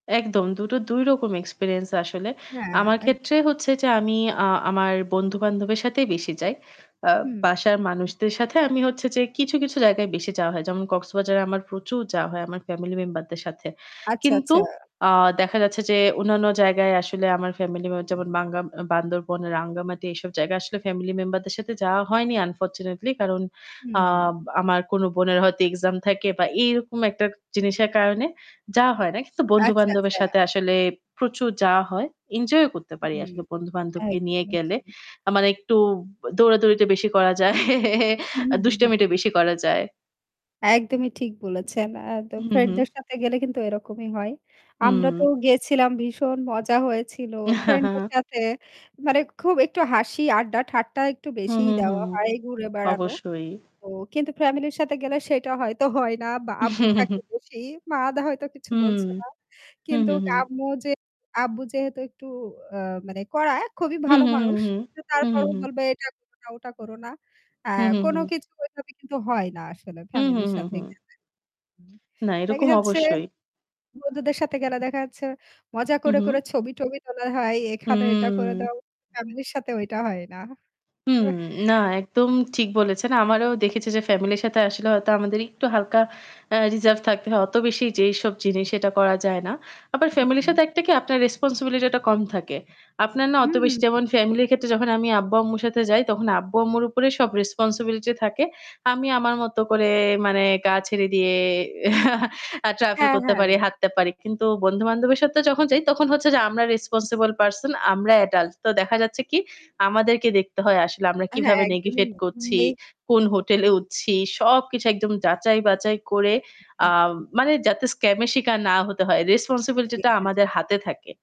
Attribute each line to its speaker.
Speaker 1: একদম দুটো ২ রকম এক্সপেরিয়েন্স আসলে।
Speaker 2: হ্যাঁ,
Speaker 1: আমার
Speaker 2: এক
Speaker 1: ক্ষেত্রে হচ্ছে যে আমি আ আমার বন্ধু-বান্ধবের সাথেই বেশি যাই। আ
Speaker 2: হম।
Speaker 1: বাসার মানুষদের সাথে আমি হচ্ছে যে কিছু, কিছু, জায়গায় বেশি যাওয়া হয়। যেমন কক্সবাজারে আমার প্রচুর যাওয়া হয় আমার ফ্যামিলি মেম্বার দের সাথে।
Speaker 2: আচ্ছা,
Speaker 1: কিন্তু
Speaker 2: আচ্ছা।
Speaker 1: আ দেখা যাচ্ছে যে অন্যান্য জায়গায় আসলে আমার ফ্যামিলি মেম্বার যেমন বাংগা আম বান্দরবন, রাঙ্গামাটি এসব জায়গায় আসলে ফ্যামিলি মেম্বার দের সাথে যাওয়া হয়নি আনফরচুনেটলি কারণ আ
Speaker 2: হম।
Speaker 1: আমার কোন বোনের হয়তো এক্সাম থাকে বা এরকম একটা জিনিসের কারণে যাওয়া হয় না। কিন্তু
Speaker 2: আচ্ছা,
Speaker 1: বন্ধু-বান্ধবের
Speaker 2: আচ্ছা।
Speaker 1: সাথে আসলে প্রচুর যাওয়া হয়। এনজয় করতে পারি
Speaker 2: হম,
Speaker 1: আসলে বন্ধু-বান্ধবকে নিয়ে
Speaker 2: একদমই
Speaker 1: গেলে।
Speaker 2: ঠিক।
Speaker 1: আ মানে একটু দৌড়াদৌড়িটা বেশি করা যায়।
Speaker 2: উহু,
Speaker 1: আর
Speaker 2: হু, হু।
Speaker 1: দুষ্টামিটা বেশি করা যায়।
Speaker 2: একদমই ঠিক বলেছেন। আ তো
Speaker 1: হুম,
Speaker 2: ফ্রেন্ড
Speaker 1: হুম।
Speaker 2: দের সাথে গেলে কিন্তু এরকমই হয়। আমরা তো
Speaker 1: হুম।
Speaker 2: গেছিলাম ভীষণ মজা হয়েছিল।
Speaker 1: হা,
Speaker 2: ফ্রেন্ডদের
Speaker 1: হা।
Speaker 2: সাথে মানে খুব একটু হাসি আড্ডা ঠাট্টা একটু
Speaker 1: হু,
Speaker 2: বেশিই
Speaker 1: হু, হু,
Speaker 2: দেওয়া
Speaker 1: হু,
Speaker 2: হয় ঘুরে বেড়ানো।
Speaker 1: অবশ্যই।
Speaker 2: তো কিন্তু ফ্যামিলির সাথে গেলে সেটা হয়তো হয় না বা আব্বু থাকে বেশি মা দা হয়তো কিছু
Speaker 1: হুম,
Speaker 2: বলছে না।
Speaker 1: হুম,
Speaker 2: কিন্তু
Speaker 1: হুম, হুম।
Speaker 2: আম্মু যে, আব্বু যেহেতু একটু আ মানে কড়া খুবই
Speaker 1: হুম,
Speaker 2: ভালো
Speaker 1: হুম, হুম,
Speaker 2: মানুষ।
Speaker 1: হুম,
Speaker 2: কিন্তু
Speaker 1: হুম, হুম,
Speaker 2: তারপরও
Speaker 1: হুম।
Speaker 2: বলবে এটা করো না ওটা করো না। আ
Speaker 1: হুম, হুম,
Speaker 2: কোন
Speaker 1: হুম।
Speaker 2: কিছুভাবে কিন্তু হয় না আসলে
Speaker 1: হুম, হুম,
Speaker 2: ফ্যামিলির
Speaker 1: হুম,
Speaker 2: সাথে
Speaker 1: হুম।
Speaker 2: গেলে। হুম,
Speaker 1: না,
Speaker 2: দেখা
Speaker 1: এরকম
Speaker 2: যাচ্ছে
Speaker 1: অবশ্যই।
Speaker 2: বন্ধুদের সাথে গেলে দেখা যাচ্ছে। মজা
Speaker 1: হু,
Speaker 2: করে, করে,
Speaker 1: হু।
Speaker 2: ছবি টবি তোলা হয়, এখানে এটা করে
Speaker 1: হুম।
Speaker 2: দাও। ফ্যামিলির সাথে ওইটা হয় না।
Speaker 1: হুম, না একদম ঠিক বলেছেন। আমারও দেখেছি যে, ফ্যামিলির সাথে আসলে হয়তো আমাদের একটু হালকা আ রিজার্ভ থাকতে হয়। অত বেশি যে এইসব জিনিস এটা করা যায় না। আবার
Speaker 2: হু,
Speaker 1: ফ্যামিলির সাথে
Speaker 2: হু।
Speaker 1: একটা কি আপনার রেসপনসিবিলিটি টা কম থাকে। আপনার না অত
Speaker 2: উহু,
Speaker 1: বেশি
Speaker 2: হু।
Speaker 1: যেমন ফ্যামিলির ক্ষেত্রে যখন আমি আব্বু-আম্মুর সাথে যাই তখন আব্বু-আম্মুর উপরে সব রেসপনসিবিলিটি থাকে। আমি আমার মত করে মানে গা ছেরে দিয়ে আ ট্রাভেল
Speaker 2: হ্যাঁ,
Speaker 1: করতে
Speaker 2: হ্যাঁ।
Speaker 1: পারি, হাঁটতে পারি। কিন্তু বন্ধুবান্ধবের সাথে যখন যাই তখন হচ্ছে যে, আমরা রেসপনসিবল পারসন, আমরা এডাল্ট। তো দেখা যাচ্ছে কি আমাদেরকে দেখতে হয় আসলে আমরা
Speaker 2: হ্যাঁ,
Speaker 1: কিভাবে
Speaker 2: একদমই।
Speaker 1: নেগিভেট করছি,
Speaker 2: [unintelligible]
Speaker 1: কোন হোটেলে উঠছি সবকিছু একদম যাচাই বাচাই করে আ
Speaker 2: উহু।
Speaker 1: মানে যাতে স্কাম এ শিকার না হতে হয়। রেসপনসিবিলিটি
Speaker 2: জি,
Speaker 1: টা
Speaker 2: জি, জি।
Speaker 1: আমাদের হাতে থাকে।